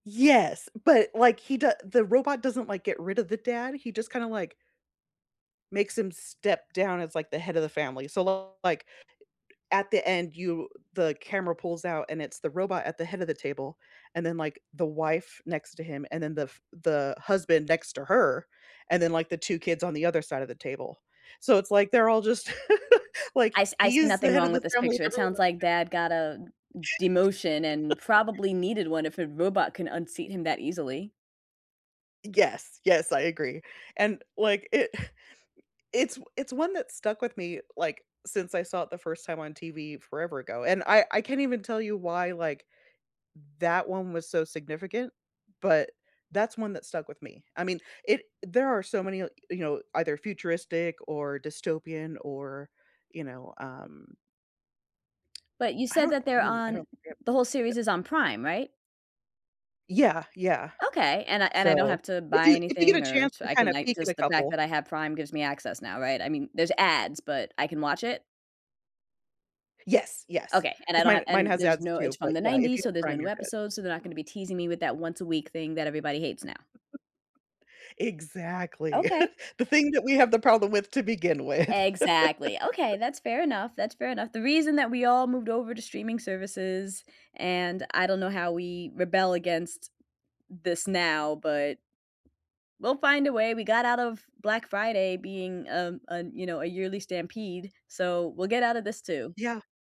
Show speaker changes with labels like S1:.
S1: Yes, but like he doe the robot doesn't like get rid of the dad, he just kind of like makes him step down as like the head of the family, so, like, at the end you the camera pulls out and it's the robot at the head of the table, and then like the wife next to him, and then the f the husband next to her, and then, like, the 2 kids on the other side of the table. So it's like they're all just like,
S2: I s I
S1: he
S2: see
S1: is the
S2: nothing
S1: head
S2: wrong
S1: of
S2: with
S1: the
S2: this
S1: family
S2: picture.
S1: and
S2: It
S1: everyone
S2: sounds
S1: else
S2: like dad got a demotion and
S1: [unintelligible]
S2: probably needed one if a robot can unseat him that easily.
S1: Yes, yes, I agree, and like it it's, it's one that stuck with me, like, since I saw it the first time on TV forever ago, and I I can't even tell you why, like that one was so significant, but that's one that stuck with me. I mean, i there are so many, you know, either futuristic or dystopian or, you know, um
S2: But you
S1: I
S2: said
S1: don't,
S2: that they're
S1: oh, I
S2: on
S1: don't
S2: the whole
S1: [unintelligible]
S2: series is on Prime, right?
S1: Yeah, yeah.
S2: Okay, and I and I don't
S1: So,
S2: have to
S1: if
S2: buy
S1: you, if you get a
S2: anything or
S1: chance
S2: sh
S1: to
S2: I
S1: kind
S2: can
S1: of
S2: like,
S1: peek at a
S2: just the fact
S1: couple.
S2: that I have Prime gives me access now, right? I mean, there's ads, but I can watch it?
S1: Yes, yes,
S2: Okay, and I
S1: 'cause
S2: don't have
S1: mine mine
S2: and
S1: has
S2: there's
S1: ads
S2: no it's
S1: too, but
S2: from the
S1: yeah, if
S2: '90s,
S1: you
S2: so
S1: have
S2: there's no
S1: Prime,
S2: new
S1: you're good.
S2: episodes, so they're not gonna be teasing me with that once a week thing that everybody hates now.
S1: Exactly,
S2: Okay.
S1: the thing that we have the problem with to begin with.
S2: Exactly. Okay, that's fair enough, that's fair enough. The reason that we all moved over to streaming services, and I don't know how we rebel against this now, but we'll find a way, we got out of Black Friday being un a, you know, a yearly stampede, so we'll get out of this too.
S1: Yeah.